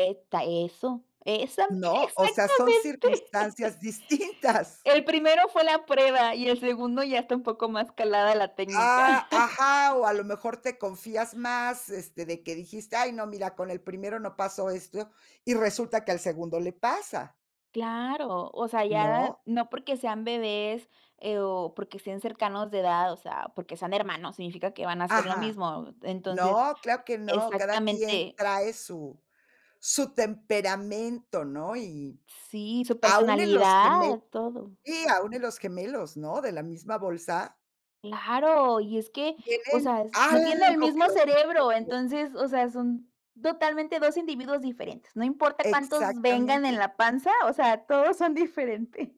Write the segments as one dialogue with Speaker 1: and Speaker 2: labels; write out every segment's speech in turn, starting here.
Speaker 1: Esta eso. Exa
Speaker 2: ¿No? O sea, son
Speaker 1: exactamente.
Speaker 2: circunstancias distintas.
Speaker 1: El primero fue la prueba, y el segundo ya está un poco más calada la técnica.
Speaker 2: Ah, ajá. O, a lo mejor, te confías más, este, de que dijiste: "Ay, no mira, con el primero no pasó esto," y resulta que al segundo le pasa
Speaker 1: Claro, o sea, ya
Speaker 2: ¿no?
Speaker 1: no porque sean bebés, eh, o porque sean cercanos de edad, o sea, porque sean hermanos significa que van a ser lo
Speaker 2: Ajá.
Speaker 1: mismo. Entonces
Speaker 2: No, claro que no, cada quien
Speaker 1: Exactamente.
Speaker 2: trae su su temperamento, ¿no? Y,
Speaker 1: Sí, su
Speaker 2: aún en los gemel
Speaker 1: personalidad, todo.
Speaker 2: sí, aún en los gemelos, ¿no?, de la misma bolsa
Speaker 1: Claro, y es que, o
Speaker 2: tienen
Speaker 1: sea, es no tienen el
Speaker 2: algo que
Speaker 1: mismo
Speaker 2: los distingue.
Speaker 1: cerebro, entonces, o sea, son totalmente dos individuos diferentes. No importa cuántos vengan en
Speaker 2: Exactamente.
Speaker 1: la panza, o sea, todos son diferentes.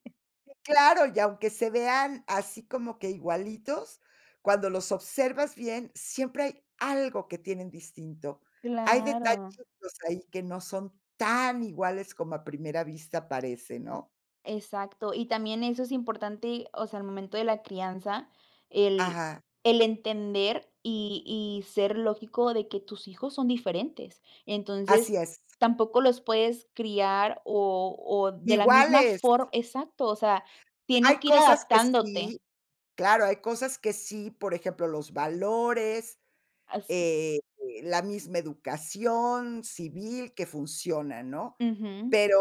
Speaker 2: Sí, claro, y aunque se vean así, como que igualitos, cuando los observas bien, siempre hay algo que tienen distinto. Hay
Speaker 1: Claro.
Speaker 2: detallitos ahí, que no son tan iguales como a primera vista parece, ¿no?
Speaker 1: Exacto, y también eso es importante, o sea, al momento de la crianza, el
Speaker 2: Ajá.
Speaker 1: el entender y y ser lógico de que tus hijos son diferentes. Entonces,
Speaker 2: Así es.
Speaker 1: tampoco los puedes criar o o de la misma
Speaker 2: Iguales.
Speaker 1: for exacto, o sea,
Speaker 2: Hay
Speaker 1: tienes que ir
Speaker 2: cosas que
Speaker 1: adaptándote.
Speaker 2: sí. Claro, hay cosas que sí, por ejemplo, los valores,
Speaker 1: Así.
Speaker 2: eh, la misma educación civil que funciona, ¿no?
Speaker 1: Ujú.
Speaker 2: Pero,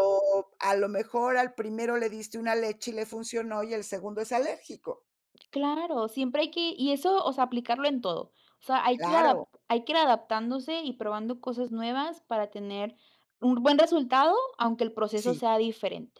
Speaker 2: a lo mejor, al primero le diste una leche y le funcionó, y el segundo es alérgico.
Speaker 1: Claro, siempre hay que y eso, o sea, aplicarlo en todo. O sea, hay que ir adapt
Speaker 2: Claro.
Speaker 1: hay que ir adaptándose y probando cosas nuevas, para tener un buen resultado, aunque el proceso
Speaker 2: Sí.
Speaker 1: sea diferente.